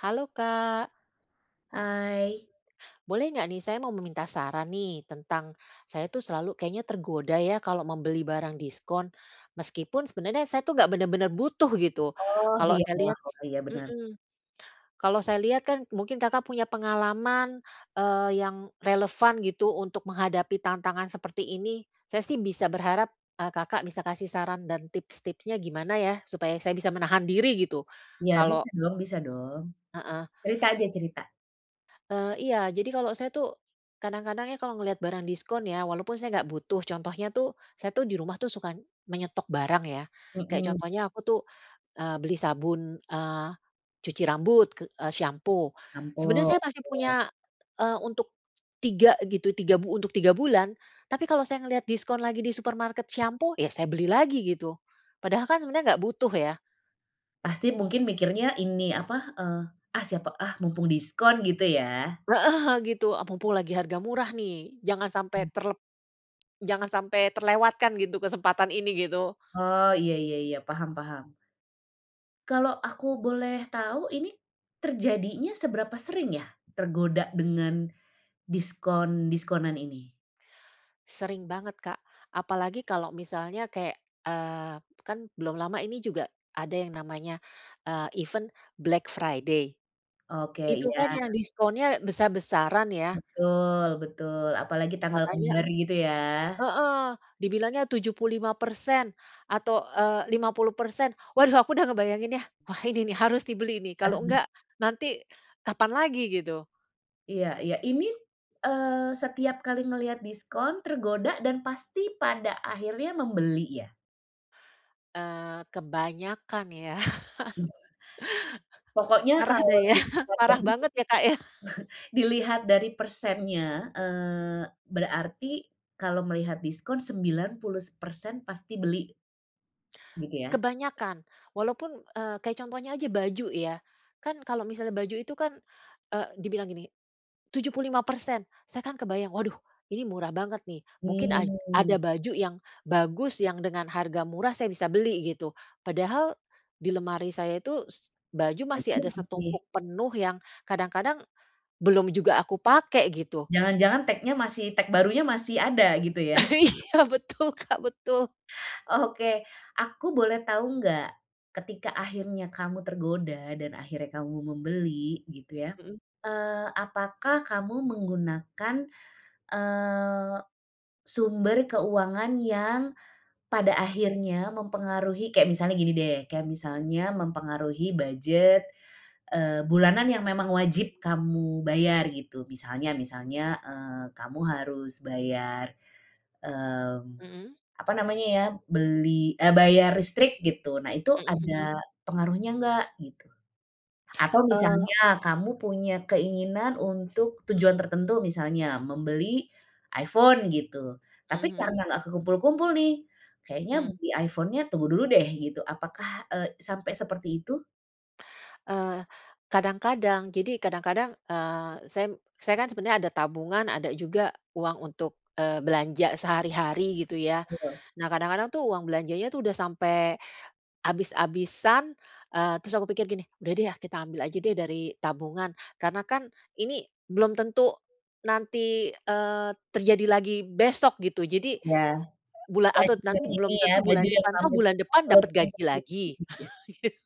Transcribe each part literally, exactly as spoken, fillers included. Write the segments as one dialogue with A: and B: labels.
A: Halo, Kak.
B: Hai.
A: Boleh nggak nih, saya mau meminta saran nih, tentang saya itu selalu kayaknya tergoda ya kalau membeli barang diskon. Meskipun sebenarnya saya itu enggak bener-bener butuh gitu.
B: Oh
A: Kalau
B: iya
A: saya
B: iya,
A: lihat
B: oh iya, bener.
A: mhm, kalau saya lihat kan mungkin Kakak punya pengalaman, eee, yang relevan gitu untuk menghadapi tantangan seperti ini. Saya sih bisa berharap, eee, Kakak bisa kasih saran dan tips-tipsnya gimana ya, supaya saya bisa menahan diri gitu,
B: Ya
A: kalau
B: bisa dong bisa dong.
A: Heeh,,
B: Cerita aja, cerita.
A: eee, iya. Jadi, kalau saya tuh kadang-kadang ya kalau ngelihat barang diskon ya, walaupun saya enggak butuh, contohnya tuh saya tuh di rumah tuh suka menyetok barang ya. Kayak
B: Mhm.
A: contohnya aku tuh, eee, beli sabun, eee, cuci rambut ke e sampo. Sebenernya
B: Sampo.
A: saya masih punya,
B: Oke.
A: eee, untuk tiga gitu tiga untuk tiga bulan. Tapi kalau saya ngelihat diskon lagi di supermarket shampo, ya saya beli lagi gitu. Padahal kan sebenarnya nggak butuh ya.
B: Pasti mungkin mikirnya ini apa, eee, ah siapa ah, mumpung diskon gitu ya.
A: E heeh gitu. Mumpung lagi harga murah nih, jangan
B: Hmm.
A: sampai terle jangan sampai terlewatkan gitu kesempatan ini, gitu.
B: Oh, iya iya iya, paham paham. Kalau aku boleh tahu ini terjadinya seberapa sering ya tergoda dengan diskon-diskonan ini?
A: Sering banget, Kak. Apalagi kalau misalnya kayak, eee, kan belum lama ini juga ada yang namanya, eee, event Black Friday.
B: Oke,
A: Itu
B: iya.
A: kan yang diskonnya besar-besaran ya.
B: Betul betul. Apalagi tanggal
A: Katanya
B: kembar gitu ya.
A: heeh, dibilangnya tujuh puluh lima persen atau, eee, lima puluh persen. Waduh aku udah ngebayanginnya. Wah ini nih harus dibeli nih. Kalau
B: Harus bis
A: enggak nanti kapan lagi gitu.
B: Iya iya. Ini, eee, setiap kali ngelihat diskon tergoda dan pasti pada akhirnya membeli ya?
A: Eee, kebanyakan ya.
B: Pokoknya
A: Parah
B: kalo
A: deh ya.
B: dilihat dari se
A: Parah banget ya, Kak, ya?
B: dilihat dari persennya, eee, berarti kalo melihat diskon sembilan puluh persen pasti beli? Gitu ya?
A: Kebanyakan. Walaupun e kayak contohnya aja baju ya. Kan kalo misalnya baju itu kan, e dibilang gini, tujuh puluh lima persen. Saya kan kebayang, waduh, ini murah banget nih. Mungkin aj
B: Hmm.
A: ada baju yang bagus, yang dengan harga murah saya bisa beli, gitu. Padahal di lemari saya itu, s baju masih
B: Baju
A: ada
B: masih?
A: setumpuk penuh yang kadang-kadang, belum juga aku pake gitu.
B: Jangan-jangan tag-nya masih tag barunya masih ada gitu ya?
A: Iya, betul, Kak, betul
B: Oke, aku boleh tahu enggak? Ketika akhirnya kamu tergoda dan akhirnya kamu membeli gitu ya.
A: Hmm.
B: Eee, apakah kamu menggunakan, eee, sumber keuangan yang, pada akhirnya mempengaruhi, kayak misalnya gini deh, kayak misalnya mempengaruhi budget, eee, bulanan yang memang wajib kamu bayar gitu. Misalnya misalnya, eee, kamu harus bayar, mmm,
A: Mhm.
B: apa namanya ya, beli, e bayar listrik gitu. Nah, itu
A: Hmm, hmm.
B: ada pengaruhnya enggak? Gitu. Atau
A: Eee.
B: misalnya kamu punya keinginan untuk tujuan tertentu misalnya membeli iPhone gitu. Tapi
A: Mhm.
B: karena enggak kekumpul-kumpul nih, kayaknya
A: Hmm.
B: beli iPhone-nya tunggu dulu deh gitu. Apakah e sampai seperti itu?
A: Eee, kadang-kadang. Jadi, kadang-kadang, eee, saya m saya kan sebenarnya ada tabungan, ada juga uang untuk, eee, belanja sehari-hari, gitu ya.
B: [unintelligible]
A: Nah, kadang-kadang tuh uang belanjanya itu udah sampai abis-abisan, eee, terus aku pikir gini, "Udah deh, ya, kita ambil aja deh dari tabungan." Karena kan ini belum tentu nanti, eee, terjadi lagi besok, gitu. Jadi,
B: Ya,
A: bula atau
B: baju
A: nanti
B: yang ini,
A: belum
B: ya,
A: tentu bulan
B: baju yang
A: depan toh,
B: kamu
A: bulan
B: suka
A: depan
B: belum
A: dapat
B: tentu
A: gaji lagi.
B: diskon, gitu ya?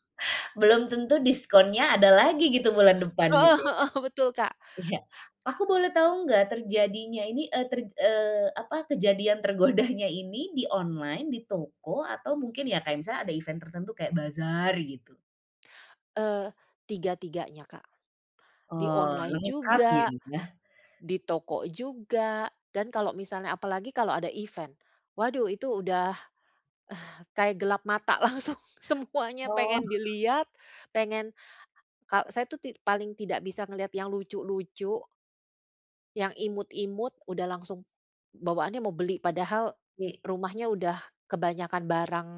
B: Belum tentu diskonnya ada lagi, gitu, bulan depan, gitu
A: Heeh
B: ya.
A: heeh. Betul, Kak.
B: Iya, aku boleh tau nggak terjadinya ini, eee, ter eee, apa, kejadian tergodanya ini di online, di toko, atau mungkin, ya, kayak misalnya ada event tertentu kayak bazar, gitu?
A: Eee, tiga-tiganya, Kak. Di
B: Oh,
A: online
B: lengkap,
A: juga,
B: ya.
A: di toko juga, dan kalau misalnya apalagi kalau ada event. Waduh, itu udah kayak gelap mata, langsung semuanya
B: Oh.
A: pengen dilihat, pengen kal saya itu ti paling tidak bisa ngelihat yang lucu-lucu yang imut-imut udah langsung bawaannya mau beli. Padahal
B: Ye
A: rumahnya udah kebanyakan barang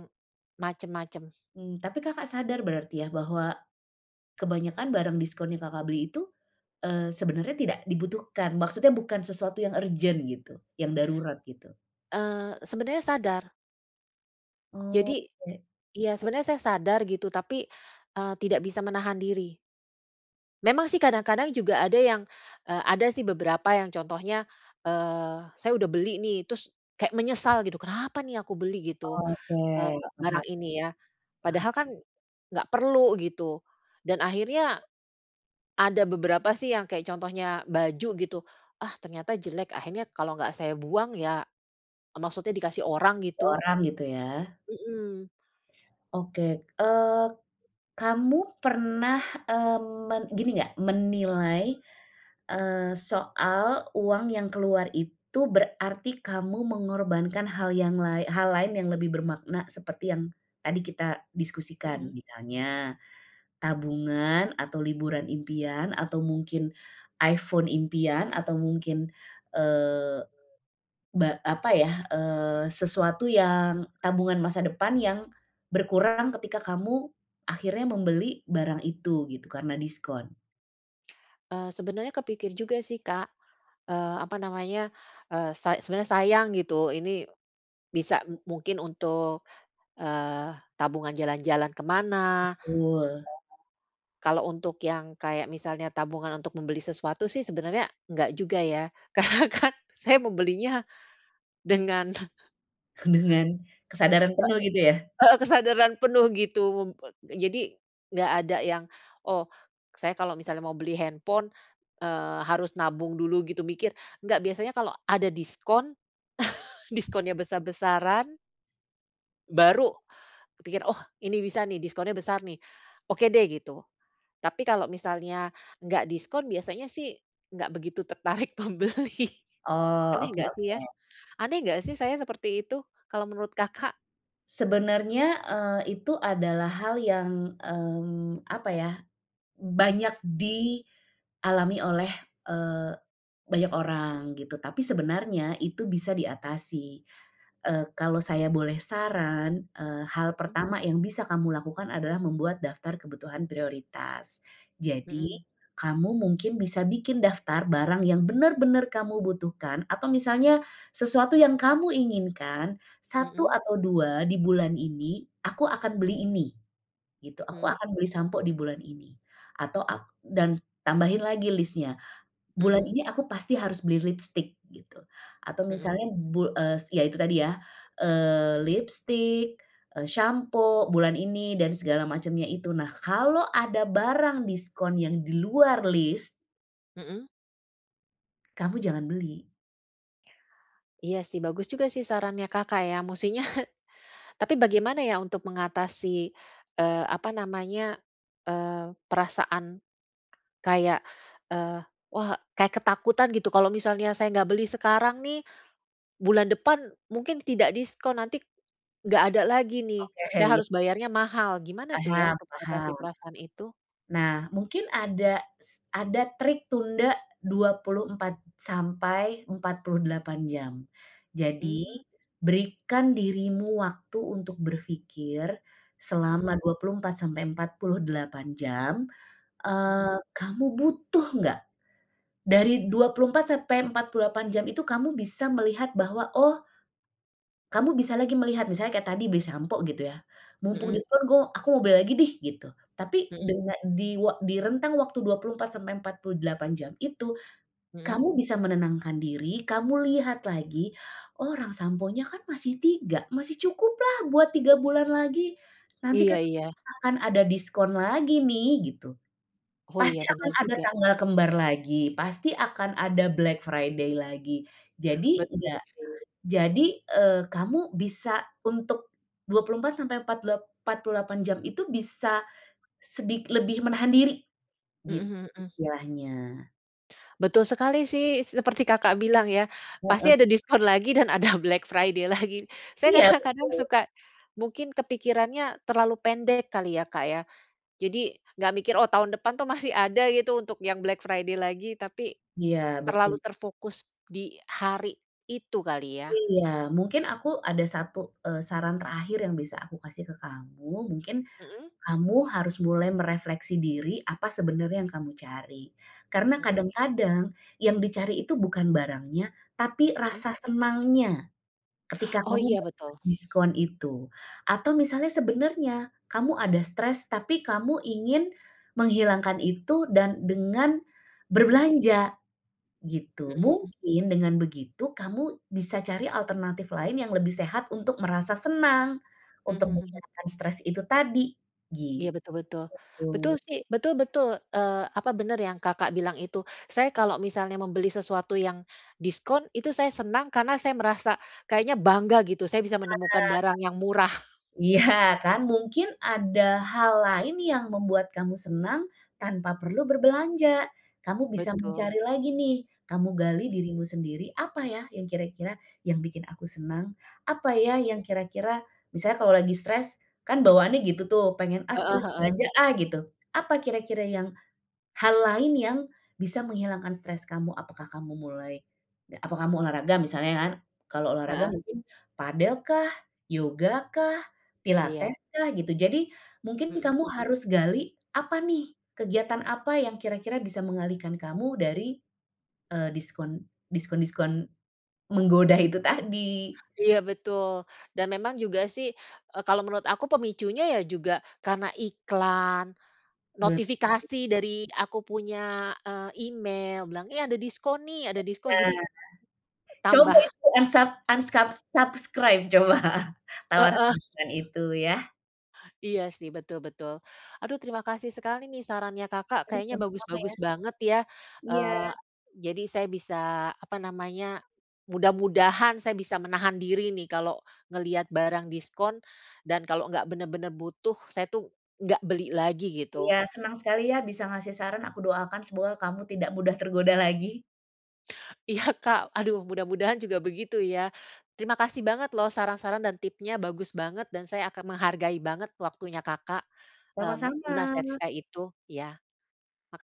A: macem-macem.
B: Mmm, tapi Kakak sadar berarti, ya, bahwa kebanyakan barang diskon yang Kakak beli itu, eee, sebenarnya tidak dibutuhkan? Maksudnya bukan sesuatu yang urgen, gitu, yang darurat, gitu.
A: Eee, sebenernya sadar. Jadi,
B: Oke.
A: iya sebenernya saya sadar gitu, tapi, eee, tidak bisa menahan diri. Memang sih kadang-kadang juga ada yang, eee, ada sih beberapa yang contohnya, eee, saya udah beli nih, terus kayak menyesal gitu, "Kenapa nih aku beli gitu,
B: Oke,
A: eee,
B: paham
A: barang
B: ya,
A: ini ya.
B: paham.
A: Padahal kan, enggak perlu." gitu dan akhirnya, ada beberapa sih yang kayak contohnya baju gitu, "Ah ternyata jelek." akhirnya, kalau enggak saya buang ya eee, maksudnya dikasih orang
B: Ke
A: gitu.
B: orang gitu ya?
A: Mhm.
B: Oke. Eee, kamu pernah, eee, men gini enggak, menilai, eee, soal uang yang keluar itu berarti kamu mengorbankan hal yang lae hal lain yang lebih bermakna seperti yang tadi kita diskusikan,
A: Mmm.
B: misalnya tabungan atau liburan impian, atau mungkin iPhone impian atau mungkin, eee, ba apa ya? Eee, sesuatu yang tabungan masa depan yang berkurang ketika kamu akhirnya membeli barang itu gitu, karena diskon.
A: Eee, sebenernya kepikir juga sih Kak, eee, apa namanya, eee, sa sebenernya sayang gitu ini, bisa mungkin untuk, eee, tabungan jalan-jalan ke mana,
B: Betul.
A: [unintelligible] kalau untuk yang kayak misalnya tabungan untuk membeli sesuatu sih sebenernya nggak juga ya karena kan saya membelinya, dengan
B: Dengan kesadaran
A: E
B: penuh gitu ya?
A: Heeh, kesadaran penuh gitu um wet jadi, nggak ada yang, "Oh saya kalau misalnya mau beli handphone, eee, harus nabung dulu gitu mikir." nggak biasanya kalau ada diskon diskonnya besar-besaran baru, pikir, "Oh ini bisa nih diskonnya besar nih, oke deh." gitu, tapi kalau misalnya nggak diskon biasanya sih, nggak begitu tertarik membeli,
B: Oh
A: aneh nggak sih ya?
B: oke-oke.
A: Aneh nggak sih saya seperti itu kalau menurut Kakak?
B: Sebenarnya, eee, itu adalah hal yang, mmm, apa ya, banyak dialami oleh, eee, banyak orang gitu tapi sebenarnya itu bisa diatasi, eee, kalau saya boleh saran, eee, hal
A: Mhm.
B: pertama yang bisa kamu lakukan adalah membuat daftar kebutuhan prioritas, jadi,
A: Mhm.
B: kamu mungkin bisa bikin daftar barang yang benar-benar kamu butuhkan atau misalnya, sesuatu yang kamu inginkan, satu
A: Mhm.
B: atau dua di bulan ini aku akan beli ini, gitu aku
A: Mhm.
B: akan beli sampo di bulan ini atau ak dan tambahin lagi listnya, bulan
A: Mhm.
B: ini aku pasti harus beli lipstik gitu atau
A: Mhm.
B: misalnya bu eee, ya itu tadi ya, eee, lipstik, eee, sampo bulan ini dan segala macamnya itu nah kalau ada barang diskon yang di luar list
A: Mhm.
B: Kamu jangan beli.
A: Iya sih bagus juga sih sarannya Kakak ya mustinya, tapi bagaimana ya untuk mengatasi, eee, apa namanya, eee, perasaan, kayak, eee, wah kayak ketakutan gitu kalau misalnya, "Saya nggak beli sekarang nih, bulan depan mungkin tidak diskon nanti, nggak ada lagi nih saya
B: Oke ya.
A: harus bayarnya mahal." gimana tuh ya
B: Paham
A: untuk mengatasi
B: paham.
A: perasaan itu?
B: Nah mungkin ada s ada trik tunda dua puluh empat sampai empat puluh delapan jam, jadi
A: Mmm.
B: berikan dirimu waktu untuk berpikir,
A: Mhm.
B: selama dua puluh empat sampai empat puluh delapan jam,
A: Mhm.
B: eee, kamu butuh nggak? Dari dua puluh empat sampai empat puluh delapan jam itu kamu bisa melihat bahwa oh, kamu bisa lagi melihat misalnya kayak tadi beli sampo gitu ya, "Mumpung
A: Mhm.
B: diskon gua aku mau beli lagi deh." gitu tapi
A: Mhm.
B: dengan di wa di rentang waktu dua puluh empat sampai empat puluh delapan jam itu,
A: Mhm.
B: kamu bisa menenangkan diri kamu lihat lagi orang samponya kan masih tiga masih cukuplah buat tiga bulan lagi, nanti
A: Iya
B: kan
A: iya.
B: akan ada diskon lagi nih gitu,
A: Oh
B: pasti
A: iya
B: akan
A: benar
B: ada
A: juga.
B: tanggal kembar lagi pasti akan ada Black Friday lagi jadi
A: Betul
B: enggak
A: sih.
B: jadi, eee, kamu bisa untuk, dua puluh empat sampai empat lep empat puluh delapan jam itu bisa, sedik lebih menahan diri,
A: Heeh
B: gitu
A: heeh.
B: istilahnya.
A: Betul sekali sih, seperti Kakak bilang ya, pasti
B: Hmm.
A: ada diskon lagi dan ada Black Friday lagi. Saya
B: Iya,
A: kadang-kadang
B: betul.
A: suka mungkin kepikirannya terlalu pendek kali ya, Kak, ya. Jadi, nggak mikir, oh, tahun depan itu masih ada gitu untuk yang Black Friday lagi, tapi
B: Iya,
A: terlalu
B: betul.
A: terfokus di hari itu kali ya.
B: Iya, mungkin aku ada satu, eee, saran terakhir yang bisa aku kasih ke kamu. Mungkin,
A: Mhm.
B: kamu harus mulai merefleksi diri apa sebenarnya yang kamu cari. Karena
A: Mhm.
B: kadang-kadang yang dicari itu bukan barangnya, tapi
A: Mhm.
B: rasa senangnya ketika
A: Oh,
B: kamu
A: iya, betul.
B: diskon itu. Atau misalnya sebenarnya kamu ada stres tapi kamu ingin menghilangkan itu dan dengan
A: Mhm.
B: berbelanja, gitu.
A: Mhm mhm.
B: Mungkin dengan begitu kamu bisa cari alternatif lain yang lebih sehat untuk merasa senang.
A: Mhm
B: Untuk
A: mhm.
B: menghilangkan stres itu tadi,
A: Iya, betul betul, betul
B: gitu.
A: sih, betul betul, eee, apa bener yang Kakak, bilang itu. Saya kalau misalnya membeli sesuatu yang diskon itu saya senang karena saya merasa kayaknya bangga gitu. Saya bisa
B: Sadar,
A: menemukan barang yang murah.
B: iya kan, mungkin ada hal lain yang membuat kamu senang tanpa perlu berbelanja. Kamu bisa
A: Betul.
B: mencari lagi nih, kamu gali dirimu sendiri, apa ya yang kira-kira yang bikin aku senang? Apa ya yang kira-kira misalnya kalau lagi stres, kan bawaannya gitu tuh, pengen, "Ah,
A: Heeh
B: stres
A: heeh.
B: belanja ah," gitu. Apa kira-kira yang hal lain yang bisa menghilangkan stres kamu? Apakah kamu mulai ga apa kamu olahraga misalnya kan? Kalau olahraga
A: Heeh.
B: mungkin padel kah, yoga kah,
A: Iya.
B: pilates kah gitu. Jadi mungkin
A: Mhm.
B: kamu harus gali, apa nih kegiatan apa yang kira-kira bisa mengalihkan kamu dari, eee, diskon diskon-diskon menggoda itu tadi.
A: Iya, betul, dan memang juga sih, e kalau menurut aku pemicunya ya juga karena iklan,
B: Betul.
A: notifikasi dari aku punya, eee, email bilang, "Eh, ada diskon nih ada diskon." Jadi,
B: Nah,
A: tambah
B: coba itu unsub unscub subscribe, coba, tawaran
A: Heeh.
B: [unintelligible] itu ya.
A: Iya sih, betul betul. Aduh, terima kasih sekali nih sarannya Kakak,
B: Aduh,
A: kayaknya
B: sama-sama ya.
A: bagus-bagus banget ya.
B: Iya.
A: Eee, jadi saya bisa apa namanya, mudah-mudahan saya bisa menahan diri nih kalau ngelihat barang diskon. Dan kalau nggak bener-bener butuh, saya tuh nggak beli lagi gitu.
B: Iya. Senang sekali ya, bisa ngasih saran. Aku doakan semoga kamu tidak mudah tergoda lagi.
A: Iya, Kak, aduh mudah-mudahan juga begitu ya. Terima kasih banget loh saran-saran dan tipsnya bagus banget, dan saya akan menghargai banget waktunya Kakak, eee, me menasihati
B: Sama-sama.
A: saya itu, ya. Mak